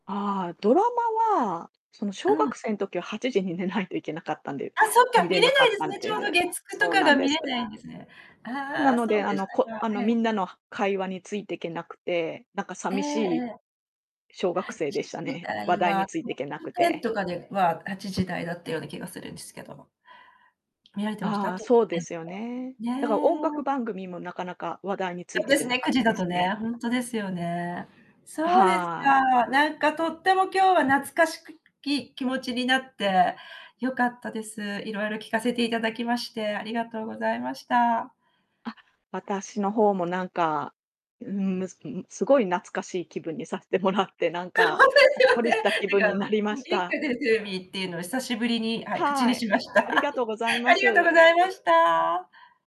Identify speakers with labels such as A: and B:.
A: ああ、ドラマは、その、
B: う
A: 小
B: ん。
A: 学生の時は8時に寝ないといけなかったんで
B: あ、そっか、
A: 見
B: 見
A: れな
B: れ
A: か
B: ない
A: っ
B: です
A: たん
B: ね、ち
A: で
B: ょう
A: す。
B: ど月9と
A: そう
B: か
A: な
B: が
A: んで
B: 見れ
A: す。
B: ないんですね。
A: な
B: ああ、
A: の
B: そ
A: で、
B: う
A: あ
B: でし
A: のこ
B: たか。
A: あの、
B: え
A: み
B: え。
A: んなの会話についてけなくて、なんか
B: ええ
A: 寂し
B: え
A: い
B: え。
A: 小学
B: は
A: 生で
B: ちじ
A: したね。
B: だ
A: 話
B: い
A: 題に
B: は、
A: つい
B: ト
A: てい
B: ップ
A: けなく
B: テン
A: て。
B: とかでは8時台だったような気がするんですけど。見られてました？
A: ああ、
B: トップ
A: そう
B: テ
A: で
B: ンと
A: すよ
B: か。
A: ね。だから音
B: ね。
A: 楽番組もなかなか話題につい
B: あ、
A: て
B: で
A: け
B: す
A: な
B: ね、
A: かっ
B: く
A: た
B: じだ
A: です
B: と
A: ね。
B: ね、ほんとですよね。
A: あ、
B: そうです
A: はい。
B: か。なんかとっても今日は懐かしくき気持ちになって、よかったです。いろいろ聞かせていただきまして、ありがとうございました。
A: あ、私の方もなんか、うーん、む、ん、すごい懐かしい気分にさせてもらって、なん
B: ほん
A: か、
B: とで
A: ほ
B: す
A: っ
B: よ
A: こりし
B: ね。
A: た気分
B: なん
A: に
B: か、
A: なりま
B: ん、
A: し
B: 元気
A: た。
B: が出るテレビっていうのを久しぶりに、はい、
A: は
B: 口に
A: ー
B: し
A: い。
B: ました。
A: あり がとうござい
B: あ
A: ま
B: りがとう
A: す。
B: ございました。